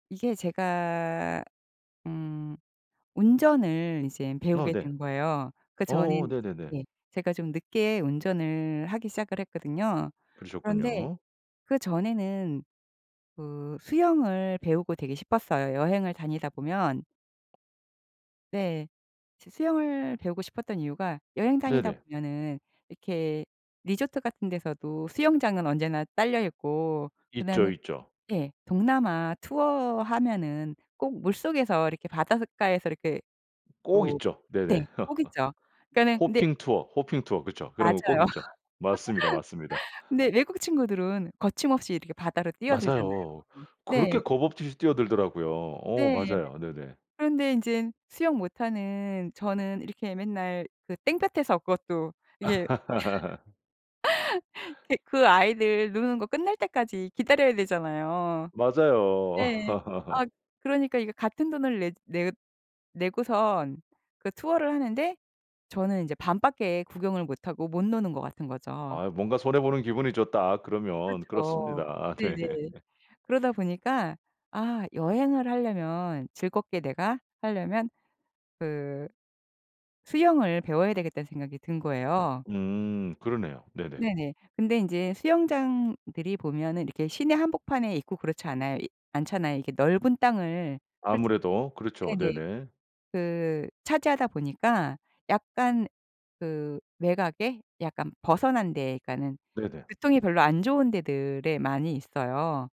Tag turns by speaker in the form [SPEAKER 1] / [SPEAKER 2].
[SPEAKER 1] 이게 제가 음 운전을 이제
[SPEAKER 2] 어
[SPEAKER 1] 배우게
[SPEAKER 2] 네.
[SPEAKER 1] 된 거에요. 그전에는
[SPEAKER 2] 어 네네네.
[SPEAKER 1] 인제 예. 제가 좀 늦게 운전을 하기 시작을 했거든요. 그런데
[SPEAKER 2] 그러셨군요.
[SPEAKER 1] 그전에는 그 수영을 배우고 되게 싶었어요. 여행을 다니다 보면 네. 수 수영을 배우고 싶었던 이유가 여행 다니다
[SPEAKER 2] 네네.
[SPEAKER 1] 보면은 이렇게 리조트 같은 데서도 수영장은 언제나 딸려있고
[SPEAKER 2] 있죠,
[SPEAKER 1] 그다음에
[SPEAKER 2] 있죠.
[SPEAKER 1] 예. 동남아 투어 하면은 꼭 물속에서 이렇게 바닷가에서 이렇게
[SPEAKER 2] 꼭
[SPEAKER 1] 오
[SPEAKER 2] 있죠.
[SPEAKER 1] 네.
[SPEAKER 2] 네네.
[SPEAKER 1] 꼭 있죠. 그니까는 근데
[SPEAKER 2] 호핑 투어, 호핑 투어, 그쵸? 그런 거 꼭
[SPEAKER 1] 맞아요.
[SPEAKER 2] 있죠. 맞습니다, 맞습니다.
[SPEAKER 1] 근데 외국 친구들은 거침없이 이렇게 바다로 뛰어들잖아요.
[SPEAKER 2] 맞아요.
[SPEAKER 1] 네.
[SPEAKER 2] 그렇게 겁 없듯이 뛰어들더라고요. 어
[SPEAKER 1] 네.
[SPEAKER 2] 맞아요. 네네.
[SPEAKER 1] 그런데 인젠 수영 못하는 저는 이렇게 맨날 그 땡볕에서 그것도 이게 그 그 아이들 노는 거 끝날 때까지 기다려야 되잖아요. 네.
[SPEAKER 2] 맞아요.
[SPEAKER 1] 아 그러니까 이게 같은 돈을 내 내 내고선 그 투어를 하는데 저는 인제 반밖에 구경을 못하고 못 노는 것 같은 거죠.
[SPEAKER 2] 아 '뭔가 손해 보는 기분이 줬다.' 그러면
[SPEAKER 1] 그렇죠.
[SPEAKER 2] 그렇습니다. 네.
[SPEAKER 1] 네네. 그러다 보니까 '아 여행을 하려면 즐겁게 내가 하려면 그 수영을 배워야 되겠다.'는 생각이 든 거예요.
[SPEAKER 2] 음 그러네요. 네네.
[SPEAKER 1] 네네. 근데 인제 수영장들이 보면은 이렇게 시내 한복판에 있고 그렇지 않아요 않잖아요. 이게 넓은 땅을 솔직
[SPEAKER 2] 아무래도. 그렇죠.
[SPEAKER 1] 네네.
[SPEAKER 2] 네네.
[SPEAKER 1] 그 차지하다 보니까 약간 그 외곽에 약간 벗어난 데에 그러니까는
[SPEAKER 2] 네네.
[SPEAKER 1] 교통이 별로 안 좋은 데들에 많이 있어요.